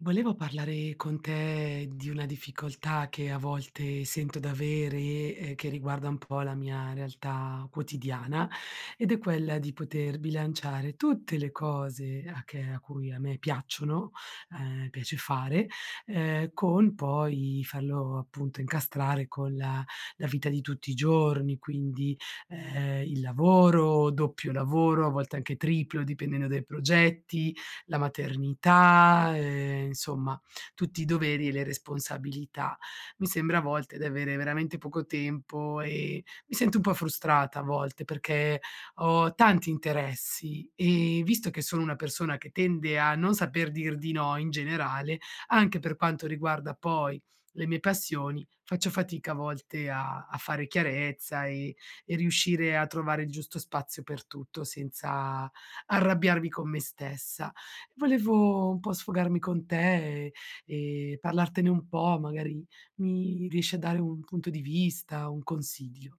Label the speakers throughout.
Speaker 1: Volevo parlare con te di una difficoltà che, a volte, sento d'avere e che riguarda un po' la mia realtà quotidiana ed è quella di poter bilanciare tutte le cose a che a cui a me piacciono ehm, piace fare, ehm, con poi farlo, appunto, incastrare con la la vita di tutti i giorni, quindi, ehm, il lavoro, doppio lavoro, a volte anche triplo, dipendente dai progetti, la maternità, ehm, insomma, tutti i doveri e le responsabilità. Mi sembra a volte di avere veramente poco tempo e mi sento un po' frustrata a volte perché ho tanti interessi e visto che sono una persona che tende a non saper dir di no, in generale, anche per quanto riguarda poi le mie passioni, faccio fatica a volte a a fare chiarezza e e riuscire a trovare il giusto spazio per tutto senza arrabbiarmi con me stessa. Volevo un po' sfogarmi con te e e parlartene un po', magari mi riesci a dare un punto di vista, un consiglio.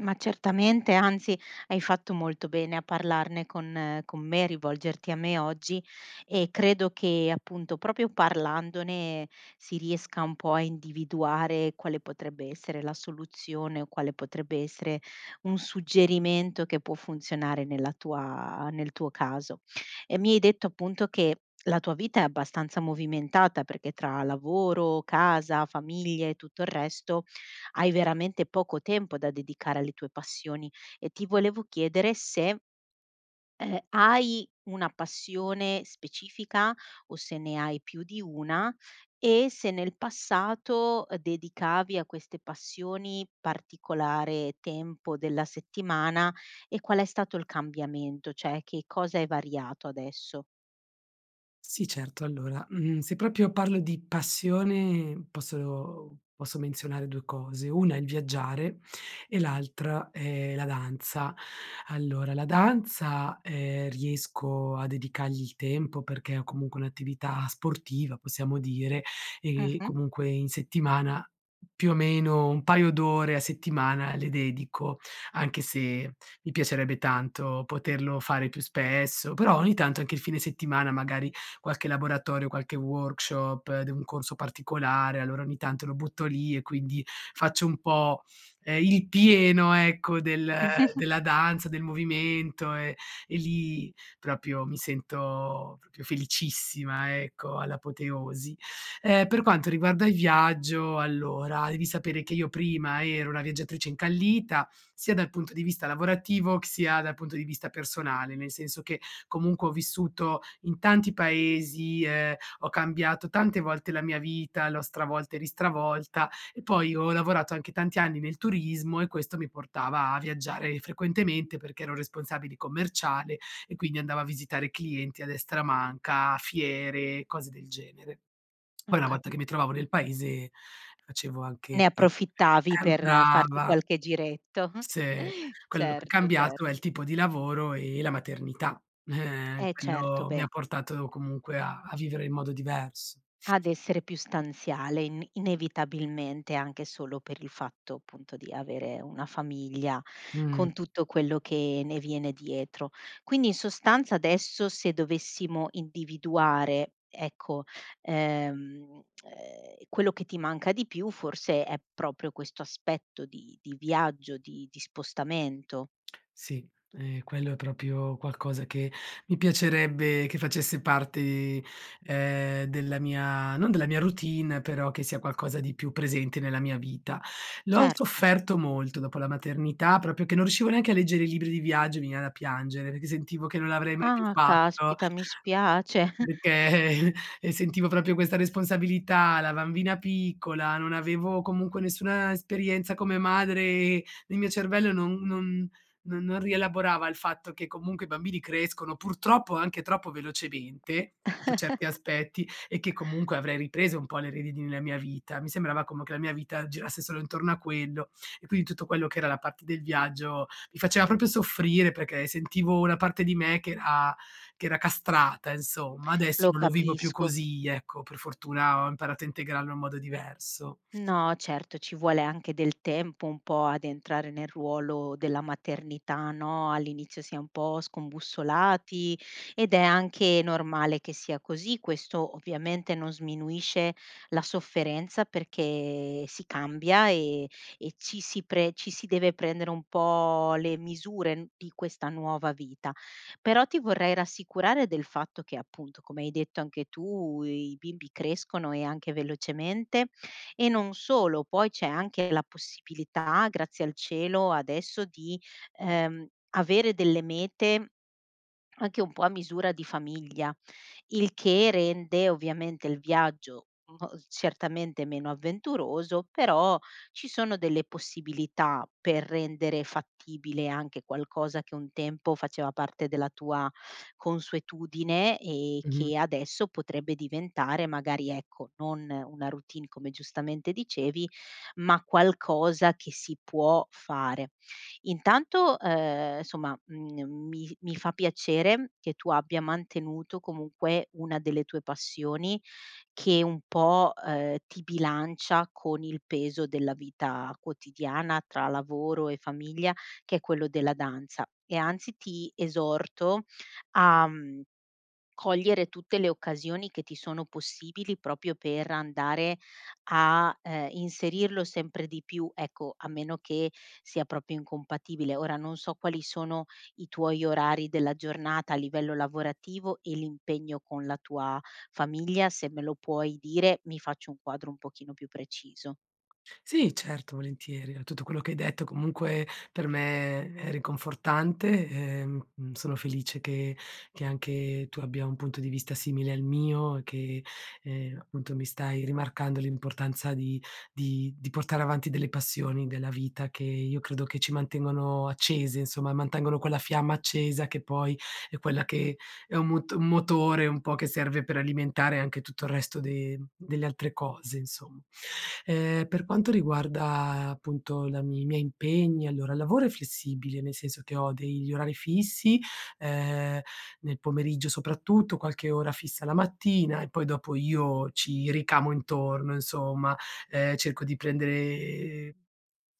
Speaker 2: Ma certamente, anzi hai fatto molto bene a parlarne con con me, rivolgerti a me oggi e credo che, appunto, proprio parlandone si riesca un po' a individuare quale potrebbe essere la soluzione o quale potrebbe essere un suggerimento che può funzionare nella tua nel tuo caso. Ehm, mi hai detto, appunto, che la tua vita è abbastanza movimentata perché tra lavoro, casa, famiglie e tutto il resto hai veramente poco tempo da dedicare alle tue passioni e ti volevo chiedere se ehm, hai una passione specifica o se ne hai più di 1 e se nel passato, ehm, dedicavi a queste passioni particolare tempo della settimana e qual è stato il cambiamento, cioè che cosa è variato adesso?
Speaker 1: Sì, certo, allora, mhmm, se proprio parlo di passione posso posso menzionare 2 cose: una è il viaggiare e l'altra è la danza. Allora, la danza, ehm, riesco a dedicargli il tempo perché ho comunque un'attività sportiva, possiamo dire, e
Speaker 2: Mh-mh.
Speaker 1: comunque, in settimana, più o meno, un paio d'ore a settimana le dedico anche se mi piacerebbe tanto poterlo fare più spesso. Però, ogni tanto, anche il fine settimana magari qualche laboratorio, qualche workshop di un corso particolare, allora, ogni tanto, lo butto lì e quindi faccio un po' ehm, il pieno, ecco, del della danza, del movimento e lì proprio mi sento proprio felicissima, ecco, all'apoteosi. Ehm, per quanto riguarda il viaggio, allora, devi sapere che io prima ero una viaggiatrice incallita sia dal punto di vista lavorativo, c sia dal punto di vista personale, nel senso che comunque ho vissuto in tanti paesi, ehm, ho cambiato tante volte la mia vita, l'ho stravolta e ristravolta e poi ho lavorato anche tanti anni nel turismo e questo mi portava a viaggiare frequentemente perché ero responsabile commerciale e, quindi, andavo a visitare clienti a destra e a manca, fiere e cose del genere. Poi
Speaker 2: Ho
Speaker 1: una volta
Speaker 2: capi
Speaker 1: che mi trovavo nel paese, facevo anche
Speaker 2: Ne
Speaker 1: e
Speaker 2: approfittavi
Speaker 1: eh
Speaker 2: per farti
Speaker 1: brava!
Speaker 2: qualche giretto
Speaker 1: Sì, quello che è
Speaker 2: certo,
Speaker 1: cambiato è il
Speaker 2: certo.
Speaker 1: tipo di lavoro e la maternità.
Speaker 2: Eh, certo,
Speaker 1: Quello mi ha
Speaker 2: beh.
Speaker 1: portato comunque a a vivere in modo divers
Speaker 2: Ad essere più stanziale in inevitabilmente, anche solo per il fatto, appunto, di avere una famiglia
Speaker 1: Mh.
Speaker 2: con tutto quello che ne viene dietro. Quindi, in sostanza, adesso se dovessimo individuare, ecco, ehm ehm, quello che ti manca di più forse è proprio questo aspetto di di viaggio di di spostamento.
Speaker 1: Sì, ehm, quello è proprio qualcosa che mi piacerebbe che facesse parte, ehm, della mia non della mia routine, però che sia qualcosa di più presente nella mia vita. L'ho
Speaker 2: Certo.
Speaker 1: sofferto molto dopo la maternità, proprio che non riuscivo neanche a leggere i libri di viaggio, mi veniva da piangere perché sentivo che non l'avrei mai più
Speaker 2: Ah,
Speaker 1: fatto
Speaker 2: caspita mi spiace.
Speaker 1: perché, ehm, sentivo proprio questa responsabilità, la bambina piccola non avevo comunque nessuna esperienza come madre e il mio cervello non non non rielaborava il fatto che comunque i bambini crescono, purtroppo, anche troppo velocemente, su certi aspetti e che comunque avrei ripreso un po' le redini nella mia vita. Mi sembrava come che la mia vita girasse solo intorno a quello e quindi tutto quello che era la parte del viaggio mi faceva proprio soffrire perché sentivo una parte di me che era che era castrata, insomma. Adesso
Speaker 2: Lo
Speaker 1: non lo vivo più
Speaker 2: capisco.
Speaker 1: così ecco per fortuna ho imparato a integrarlo in modo diverso.
Speaker 2: No, certo, ci vuole anche del tempo un po' ad entrare nel ruolo della maternità, no? All'inizio si è un po' scombussolati ed è anche normale che sia così; questo ovviamente non sminuisce la sofferenza perché si cambia e e ci si pre ci si deve prendere un po' le misure di questa nuova vita. Però ti vorrei rassicurare del fatto che, appunto, come hai detto anche tu, i bimbi crescono e anche velocemente e non solo, poi c'è anche la possibilità, grazie al cielo, adesso di, ehm, avere delle mete anche un po' a misura di famiglia, il che rende ovviamente il viaggio mol certamente meno avventuroso, però ci sono delle possibilità per rendere fattibile anche qualcosa che un tempo faceva parte della tua consuetudine e
Speaker 1: Mh-mh.
Speaker 2: che adesso potrebbe diventare magari, ecco, non una routine, come, giustamente, dicevi, ma qualcosa che si può fare. Intanto, ehm, somma, mhmm, mi mi fa piacere che tu abbia mantenuto comunque una delle tue passioni che un po', ehm, ti bilancia con il peso della vita quotidiana tra lavoro e famiglia che è quello della danza e, anzi, ti esorto a, mhmm, cogliere tutte le occasioni che ti sono possibili proprio per andare a, ehm, inserirlo sempre di più, ecco, a meno che sia proprio incompatibile. Ora non so quali sono i tuoi orari della giornata a livello lavorativo e l'impegno con la tua famiglia; se me lo puoi dire, mi faccio un quadro un pochino più preciso.
Speaker 1: Sì, certo, volentieri. Tutto quello che hai detto comunque per me è ri confortante, ehm, sono felice che che anche tu abbia un punto di vista simile al mio e che, ehm, appunto, mi stai rimarcando l'importanza di di di portare avanti delle passioni della vita, che io credo che ci mantengono accese, insomma, mantengono quella fiamma accesa che poi è quella che è un moto un motore un po' che serve per alimentare anche tutto il resto de delle altre cose, insomma. Ehm, per quanto riguarda, appunto, la i miei impegni, allora, il lavoro è flessibile, nel senso che ho degli orari fissi, ehm, nel pomeriggio, soprattutto, qualche ora fissa la mattina e poi dopo io ci ricamo intorno, insomma. Ehm, cerco di prendere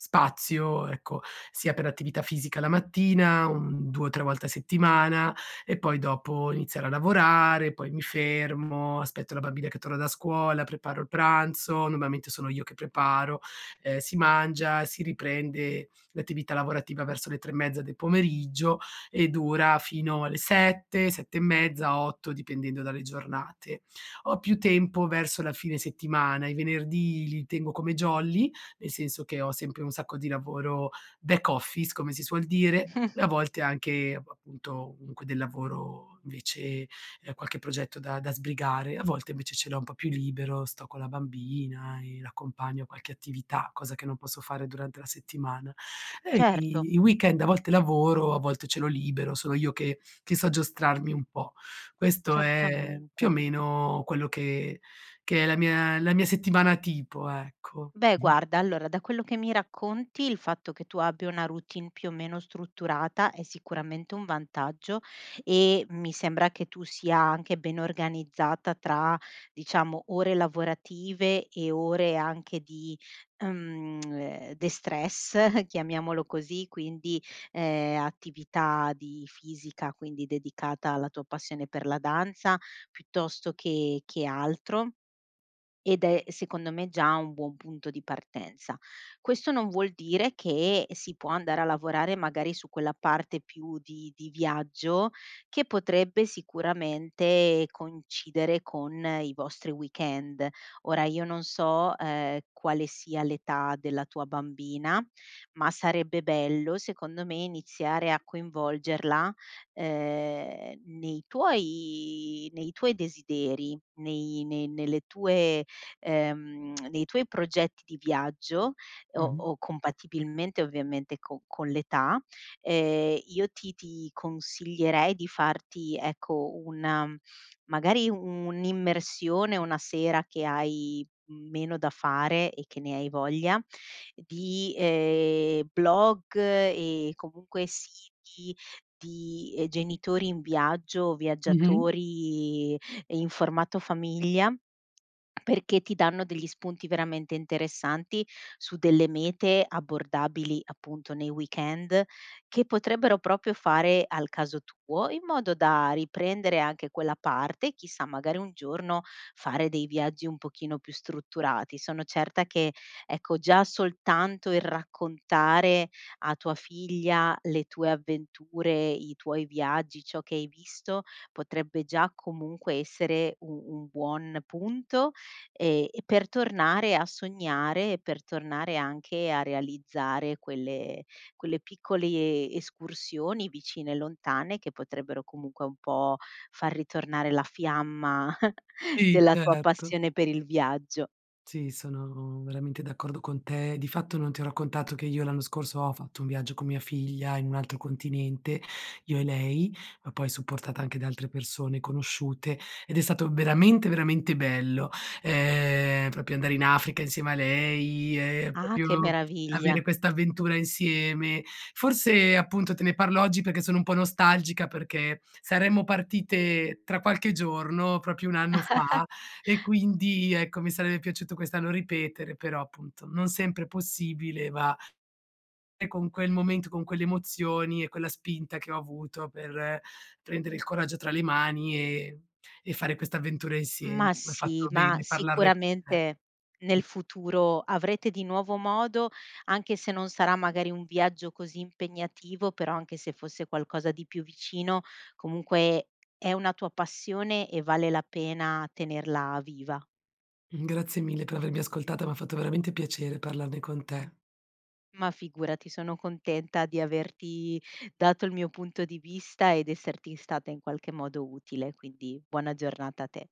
Speaker 1: spazio, ecco, sia per attività fisica la mattina, un 2 o 3 volte a settimana e poi dopo iniziare a lavorare; poi mi fermo, aspetto la bambina che torna da scuola, preparo il pranzo- normalmente sono io che preparo- ehm, si mangia, si riprende l'attività lavorativa verso le 3 e mezza del pomeriggio e dura fino alle 7, 7 e mezza, 8 dipendendo dalle giornate. Ho più tempo verso la fine settimana. I venerdì li tengo come jolly, nel senso che ho sempre un sacco di lavoro back office, come si suol dire, e a volte anche, appunto, comunque del lavoro invece ehm, qualche progetto da da sbrigare. A volte, invece, ce l'ho un po' più libero, sto con la bambina e l'accompagno a qualche attività, cosa che non posso fare durante la settimana. Eh,
Speaker 2: Certo!
Speaker 1: i i weekend, a volte lavoro, a volte ce l'ho libero, sono io che che so giostrarmi un po'. Questo è, più o
Speaker 2: Certamente.
Speaker 1: meno, quello che che è la mia la mia settimana tipo, ecco.
Speaker 2: Beh, guarda, allora, da quello che mi racconti, il fatto che tu abbia una routine più o meno strutturata è sicuramente un vantaggio e mi sembra che tu sia anche ben organizzata tra, diciamo, ore lavorative e ore anche di, mhmm, ehm, destress, chiamiamolo così, quindi, ehm, attività di fisica, quindi dedicata alla tua passione per la danza, piuttosto che che altro; ed è, secondo me, già un buon punto di partenza. Questo non vuol dire che si può andare a lavorare magari su quella parte più di di viaggio che potrebbe sicuramente coincidere con i vostri weekend. Ora io non so, ehm, quale sia l'età della tua bambina, ma sarebbe bello secondo me iniziare a coinvolgerla, ehm, nei tuoi nei tuoi desideri, nei nei nelle tue ehm, nei tuoi progetti di viaggio, o
Speaker 1: Mh-mh
Speaker 2: o compatibilmente ovviamente co con l'età. Ehm, io ti ti consiglierei di farti, ecco una magari un'immersione una sera che hai meno da fare e che ne hai voglia di, ehm, blog e comunque siti di, ehm, genitori in viaggio,
Speaker 1: Mh-mh
Speaker 2: viaggiatori in formato famiglia perché ti danno degli spunti veramente interessanti su delle mete abbordabili, appunto, nei weekend che potrebbero proprio fare al caso tuo, in modo da riprendere anche quella parte, chissà, magari un giorno fare dei viaggi un pochino più strutturati. Sono certa che, ecco, già soltanto il raccontare a tua figlia le tue avventure, i tuoi viaggi, ciò che hai visto potrebbe già comunque essere u un buon punto e e per tornare a sognare e per tornare anche a realizzare quelle quelle piccole escursioni vicine e lontane che potrebbero comunque un po' far ritornare la fiamma
Speaker 1: I.
Speaker 2: della tua
Speaker 1: Certo.
Speaker 2: passione per il viaggio.
Speaker 1: Sì, sono veramente d'accordo con te. Di fatto non ti ho raccontato che io l'anno scorso ho fatto un viaggio con mia figlia in un altro continente, io e lei, ma poi supportata anche da altre persone conosciute, ed è stato veramente, veramente bello, ehm, proprio andare in Africa insieme a lei e
Speaker 2: Ah,
Speaker 1: proprio
Speaker 2: che
Speaker 1: avere
Speaker 2: meraviglia!
Speaker 1: quest'avventura insieme. Forse, appunto, te ne parlo oggi perché sono un po' nostalgica perché saremmo partite tra qualche giorno proprio un anno fa e quindi, ecco, mi sarebbe piaciuto quest'anno ripetere, però, appunto, non sempre possibile va E con quel momento, con quelle emozioni e quella spinta che ho avuto per prendere il coraggio tra le mani e e fare questa avventura insieme.
Speaker 2: Ma
Speaker 1: Mi ha fatto
Speaker 2: sì, ma,
Speaker 1: bene parlarne con te.
Speaker 2: sicuramente,
Speaker 1: Mh.
Speaker 2: nel futuro, avrete di nuovo modo, anche se non sarà magari un viaggio così impegnativo, però anche se fosse qualcosa di più vicino comunque è una tua passione e vale la pena tenerla viva.
Speaker 1: Grazie mille per avermi ascoltata, m'ha fatto veramente piacere parlarne con te.
Speaker 2: Ma figurati, sono contenta di averti dato il mio punto di vista ed esserti in stata, in qualche modo, utile, quindi buona giornata a te.